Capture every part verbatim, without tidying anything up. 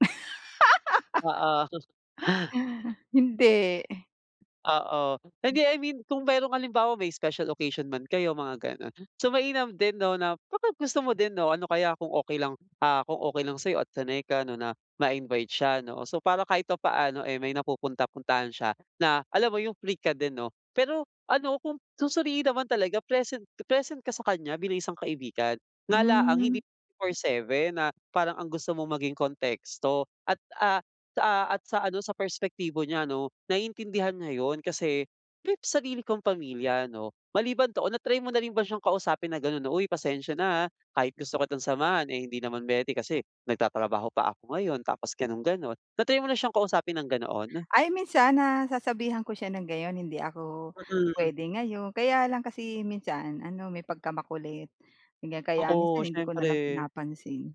Oo, sus Hindi. Oo. Mm. Hindi, I mean kung merong halimbawa may special occasion man kayo, mga gano'n. So, mainam din 'no na pagkagusto mo din 'no, ano kaya kung okey lang, ah, kung okey lang sa'yo at sanay ka 'no na ma-invite siya 'no. So, para kahit paano, eh, may napupunta-puntahan siya na alam mo yung free ka din 'no? Pero ano kung susuriin naman talaga present present ka sa kanya bilang isang kaibigan. Nga la ang Hmm. hindi twenty-four seven na parang ang gusto mong maging konteksto at, ah, sa at sa ano, sa perspektibo niya 'no, naiintindihan niya 'yon kasi [unintelligible] sarili kang pamilya 'no. Maliban 'to o na-try mo na rin ba siyang kausapin na gano'n na, "Uy, pasensya na, ah, kahit gusto kitang samahan, eh, hindi naman puwede kasi nagtatrabaho pa ako ngayon tapos gano'n-gano'n." Na-try mo na siyang kausapin ng ganoon? Ay minsan nasasabihan ko siya ng gayon, "Hindi ako Mm. puwede ngayon." Kaya lang kasi minsan ano may pagkamakulit ganyan kaya minsan Oo, hindi ko na lang siyempre. pinapansin.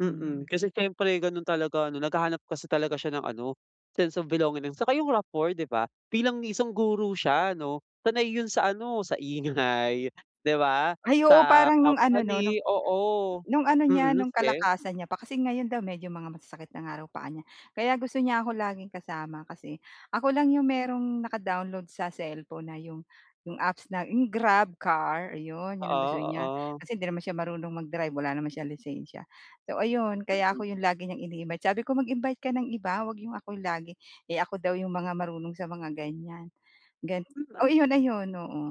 Mm. Mm. Kasi siyempre gano'n talaga 'no. Naghahanap kasi talaga siya ng ano, sense of belonging 'no. Tsaka yung rapport di ba? Bilang isang guro siya 'no, sanay yun sa ano, sa ingay, di ba? Ay oo. Sa Parang nung ano 'no, company. Oo. no'ng ano niya, Mm, no'ng sige. kalakasan niya pa kasi ngayon daw medyo mga masasakit na nga raw paa niya. Kaya gusto niya ako laging kasama kasi ako lang 'yong merong naka-download sa cellphone na 'yong 'yong apps na 'yong GrabCar, ayun. 'Yon ang Oo, gusto niya oo. kasi di naman siya marunong mag-drive, wala naman siyang lisensiya. So ayun, kaya Mm. ako 'yong lagi niyang ini-invite. Sabi ko, "Mag-invite ka ng iba 'wag 'yong ako lagi." Eh, ako daw 'yong mga marunong sa mga ganyan. Gan M oo, ay iyon, ayun, oo.